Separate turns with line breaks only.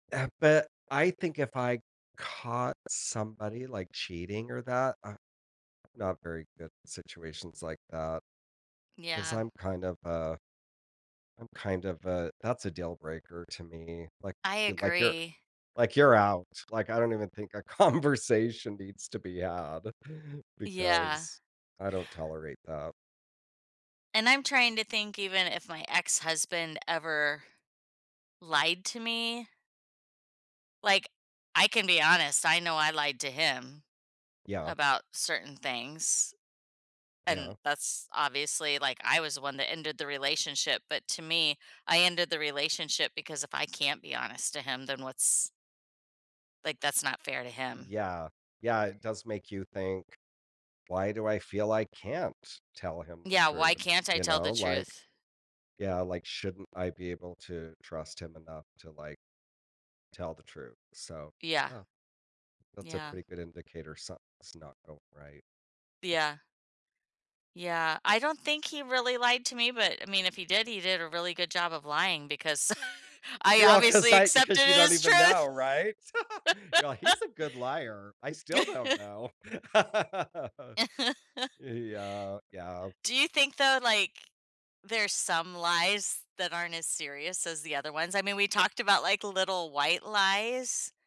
Uh, but I think if I caught somebody, like, cheating or that uh, I'm not very good at situations like that 'cause
Yeah.
I'm kind of a I'm kind of a that's a deal breaker to me, like
I
like you're
agree.
Like you're out. Like I don't even think a conversation needs to be have
Yeah.
because I don't tolerate that.
And I'm trying to think even if my ex-husband ever lied to me. Like, I can be honest. I know I lied to him
Yeah.
about certain things, and
Yeah.
that's obviously, like I was the one that ended the relationship, but to me, I ended the relationship because if I can't be honest to him, then what's like, that's not fair to him.
Yeah. Yeah, it does make you think, "Why do I feel I can't tell him the
Yeah, why
truth?"
can't I
You
tell the
know, like,
truth?
yeah. Like shouldn't I be able to trust him enough to, like, tell the truth? So,
Yeah.
uh, that's a
Yeah.
pretty good indicator something's not going right.
Yeah. Yeah. I don't think he really lied to me, but, I mean, if he did, he did a really good job of lying because I
You're all 'cause
obviously
I
accepted
'cause you
it
don't
as
even know,
truth.
right? You're like, "He's a good liar. I still don't know." Yeah. Yeah.
Do you think, though, like, there's some lies that aren't as serious as the other ones? I mean, we talked about, like, little white lies.